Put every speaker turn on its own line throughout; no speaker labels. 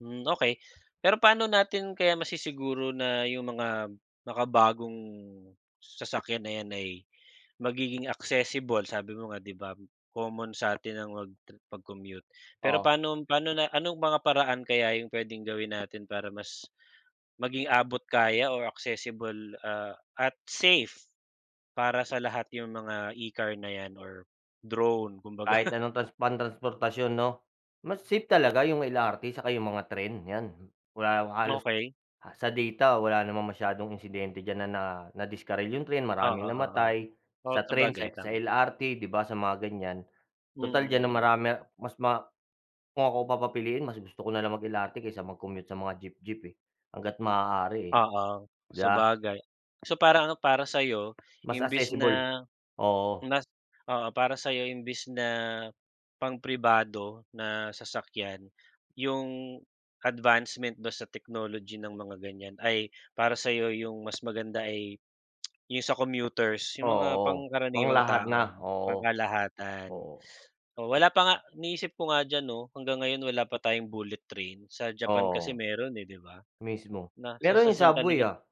Hmm, okey. Pero paano natin kaya masissiguro na yung mga makabagong sasakyan na yan ay magiging accessible. Sabi mo nga, 'di ba, common satin ang magtre mag-commute. Pero
Oh.
paanom paano, na anong mga paraan kaya yung puwedeng gawin natin para mas maging abot kaya or accessible, ah, at safe, para sa lahat yung mga e-car na yan or drone kumbaga?
Kahit anong trans pantransportasyon, 'no? Mas safe talaga 'yong LRT, saka 'yong mga tren, 'yan. Wala yong halos
Okey.
ah, sa data wala namang masiyadong insidente diyan na na, ah, nadiskarel. 'Yong tren
Oo,
maraming
oo.
namatay
Oh,
sa tren,
sabagay
sa X sa
tama.
LRT, 'di ba, sa mga ganiyan.
Mm,
Total diyan ang
mm.
marami mas ma kung ako papapiliin mas gusto ko na lang mag-LRT kaysa mag-commute sa mga jeep-jeep eh. Hangga't maaari
Oo,
eh,'di ba?
sabagay. So, parang ano, para sa'yo,
Mas
imbes
accessible,
na
oo.
nas oo, para sa'yo imbis na pang pribado na sasakyan, 'yung advancement ba sa technology ng mga ganiyan ay para sa'yo yung mas maganda ay yung sa commuters' yung mga
Oo, pang
pangkaraniwang
lahat
tao,
na,
no,
oo.
pangkalahatan.
Oo.
Oh, wala pa nga iniisip ko nga diyan, 'no? Hanggang ngayon wala pa tayong bullet train sa Japan kasi
Oo.
meron, eh, 'di ba,
Mismo.
na sa
Meron
sa
yung
sin
subway,
talagang
ah.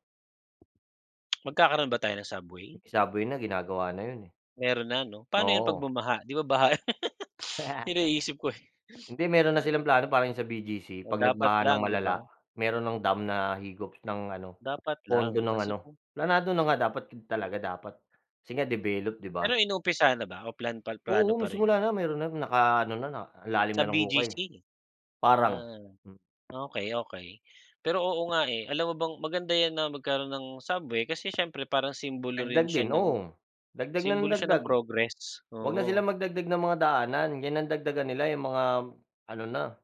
Magkakaroon ba tayo ng subway?
'Yong subway na ginagawa na 'yon, eh.
Meron na, 'no? Paano yun pag
Oo.
bumaha, di ba, baha iniisip ko, eh
Hindi meron na silang plano parang yung sa BGC,
Oh,
'pag
dapat
nagbaha ng
lang, 'di
malala
ba?
meron ng dam na higop ng ano,
Dapat
pondo
lang
ng
kasi
ano,
kung
planado na nga dapat eb talaga dapat kasi nga develop, di ba?
Pero inuumpisahan na ba o plan pa plano
Oo, may
pa rin
simula
yun?
na meron ng naka ano na, na lalim
Sa
na ng
BGC?
hukay. Parang,
Na
hmm.
okey, okey. Pero oo nga, eh, alam mo bang maganda yan na magkaroon ng subway kasi siyempre parang simbolo rin
Dagdag
siya
din,
ng
oo. Dagdag na ng
simbolo siya ng
dagdag.
progress,
Huwag na sila
oo.
magdagdag ng mga daanan, yan ang dagdagan nila yung mga, ano na.